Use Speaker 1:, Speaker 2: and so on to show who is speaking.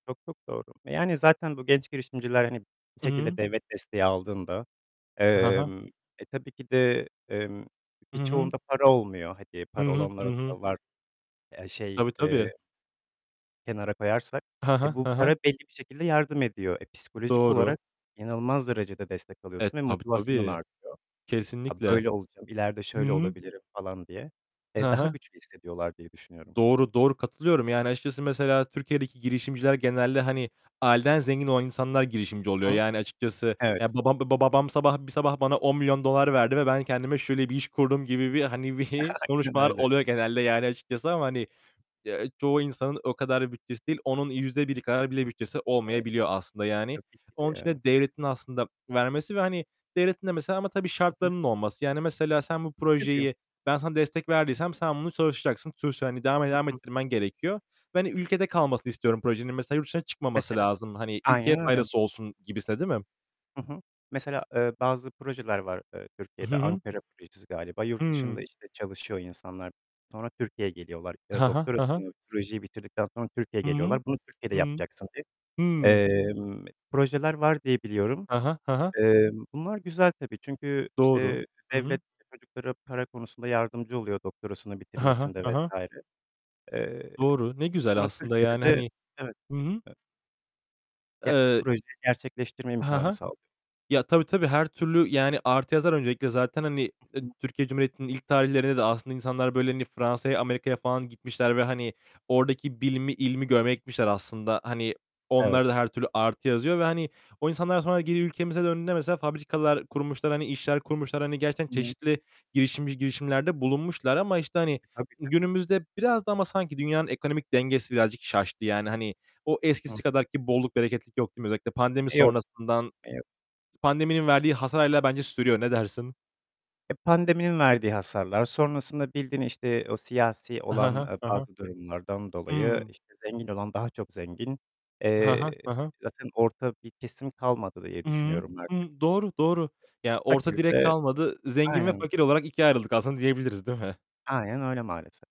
Speaker 1: Çok çok doğru. Yani zaten bu genç girişimciler hani bir
Speaker 2: Hı
Speaker 1: şekilde
Speaker 2: hı.
Speaker 1: devlet desteği aldığında,
Speaker 2: Ha ha.
Speaker 1: emm, e, tabii ki de, emm,
Speaker 2: Hı hı.
Speaker 1: birçoğunda para olmuyor. Hani
Speaker 2: Hı
Speaker 1: para
Speaker 2: hı,
Speaker 1: olanlar
Speaker 2: hı
Speaker 1: o
Speaker 2: hı.
Speaker 1: kadar var. Ya, şey,
Speaker 2: Tabii,
Speaker 1: eee,
Speaker 2: tabii.
Speaker 1: kenara koyarsak,
Speaker 2: Ha
Speaker 1: eee,
Speaker 2: ha,
Speaker 1: bu
Speaker 2: ha
Speaker 1: para
Speaker 2: ha.
Speaker 1: belli bir şekilde yardım ediyor. E, psikolojik
Speaker 2: Doğru.
Speaker 1: olarak inanılmaz derecede destek
Speaker 2: E,
Speaker 1: alıyorsun ve
Speaker 2: tabii,
Speaker 1: motivasyonun
Speaker 2: tabii.
Speaker 1: artıyor. "Ya,
Speaker 2: Kesinlikle.
Speaker 1: böyle olacağım, ileride
Speaker 2: Hı
Speaker 1: şöyle
Speaker 2: hı.
Speaker 1: olabilirim." falan diye. E,
Speaker 2: Hı
Speaker 1: daha
Speaker 2: hı.
Speaker 1: güçlü hissediyorlar diye düşünüyorum.
Speaker 2: Doğru, doğru. Katılıyorum. Yani açıkçası mesela Türkiye'deki girişimciler genelde hani aileden zengin olan insanlar girişimci oluyor.
Speaker 1: Hı hı.
Speaker 2: Yani açıkçası, ya
Speaker 1: Evet.
Speaker 2: babam babam babam sabah, bir sabah bana $10.000.000 verdi ve ben kendime şöyle bir iş kurdum gibi bir hani
Speaker 1: Aynen
Speaker 2: konuşmalar
Speaker 1: öyle.
Speaker 2: oluyor genelde yani açıkçası ama hani, ya, çoğu insanın o kadar bütçesi değil. Onun %1 kadar bile bütçesi
Speaker 1: Eee,
Speaker 2: olmayabiliyor aslında yani.
Speaker 1: tabii ki de
Speaker 2: Onun için
Speaker 1: yani.
Speaker 2: de devletin aslında vermesi ve hani devletin de mesela ama tabii
Speaker 1: Hı hı.
Speaker 2: şartlarının olması. Yani mesela sen bu
Speaker 1: [unintelligible]
Speaker 2: projeyi ben sana destek verdiysem sen bunu çalışacaksın, sonuçta hani devam et
Speaker 1: Hı
Speaker 2: devam
Speaker 1: hı.
Speaker 2: ettirmen gerekiyor ve hani ülkede kalmasını istiyorum projenin. Mesela yurt dışına çıkmaması
Speaker 1: Mesela.
Speaker 2: lazım. Hani ülkeye
Speaker 1: Aynen öyle.
Speaker 2: faydası olsun gibisinden, değil mi?
Speaker 1: Hı hı. Mesela, ııı, bazı projeler var, ııı,
Speaker 2: Hı
Speaker 1: Türkiye'de,
Speaker 2: hı.
Speaker 1: Ankara Projesi galiba. Yurt dışında
Speaker 2: Hımm.
Speaker 1: işte çalışıyor insanlar, sonra Türkiye'ye geliyorlar ya da
Speaker 2: Ha ha. Ha ha.
Speaker 1: doktorasını projeyi bitirdikten sonra Türkiye'ye
Speaker 2: Hı hı,
Speaker 1: geliyorlar. Bunu Türkiye'de
Speaker 2: hı.
Speaker 1: yapacaksın diye,
Speaker 2: Hı.
Speaker 1: emm, projeler var diye biliyorum.
Speaker 2: Ha ha, ha ha.
Speaker 1: Eee, bunlar güzel tabii. Çünkü
Speaker 2: Doğru.
Speaker 1: işte
Speaker 2: Hı hı.
Speaker 1: devlet çocuklara para konusunda yardımcı oluyor doktorasını
Speaker 2: Ha ha,
Speaker 1: bitirmesinde
Speaker 2: ha
Speaker 1: vs.
Speaker 2: ha.
Speaker 1: Eee,
Speaker 2: Doğru. Ne güzel
Speaker 1: ama
Speaker 2: aslında yani
Speaker 1: Türkiye'de de
Speaker 2: hani.
Speaker 1: Evet,
Speaker 2: Hı hı.
Speaker 1: evet. Ya,
Speaker 2: Eee
Speaker 1: projeyi gerçekleştirme
Speaker 2: Ha
Speaker 1: imkânı
Speaker 2: ha.
Speaker 1: sağlıyor.
Speaker 2: Ya, tabii, tabii her türlü yani artı yazar öncelikle zaten hani,
Speaker 1: Hı
Speaker 2: ııı,
Speaker 1: hı.
Speaker 2: Türkiye Cumhuriyeti'nin ilk tarihlerinde de aslında insanlar böyle hani Fransa'ya, Amerika'ya falan gitmişler ve hani oradaki bilimi, ilmi görmeye gitmişler aslında. Hani
Speaker 1: Evet.
Speaker 2: onlara da her türlü artı yazıyor ve hani o insanlar daha sonra geri ülkemize döndüğünde mesela fabrikalar kurmuşlar, hani işler kurmuşlar. Hani gerçekten
Speaker 1: Hı.
Speaker 2: çeşitli girişimci girişimlerde bulunmuşlar ama işte hani
Speaker 1: Tabii, tabii.
Speaker 2: günümüzde biraz da ama sanki dünyanın ekonomik dengesi birazcık şaştı yani. Hani o
Speaker 1: Hımm.
Speaker 2: eskisi kadar ki bolluk, bereketlik yok, değil mi? Özellikle pandemi
Speaker 1: Eee, yok.
Speaker 2: sonrasından,
Speaker 1: Eee
Speaker 2: pandeminin verdiği hasar hâlâ bence sürüyor. Ne dersin?
Speaker 1: Eee, pandeminin verdiği hasarlar. Sonrasında bildiğin işte o siyasi
Speaker 2: Ha
Speaker 1: olan,
Speaker 2: ha,
Speaker 1: ııı,
Speaker 2: ha ha.
Speaker 1: bazı durumlardan dolayı
Speaker 2: Hımm.
Speaker 1: işte zengin olan daha çok zengin.
Speaker 2: Ha ha,
Speaker 1: Eee,
Speaker 2: ha ha.
Speaker 1: zaten orta bir kesim kalmadı diye
Speaker 2: Hı hı.
Speaker 1: düşünüyorum artık. Eee,
Speaker 2: Imm, doğru, doğru. Ya, orta
Speaker 1: fakir
Speaker 2: direk
Speaker 1: de
Speaker 2: kalmadı, zengin ve
Speaker 1: Aynen.
Speaker 2: fakir olarak ikiye ayrıldık aslında diyebiliriz, değil mi?
Speaker 1: Aynen öyle maalesef.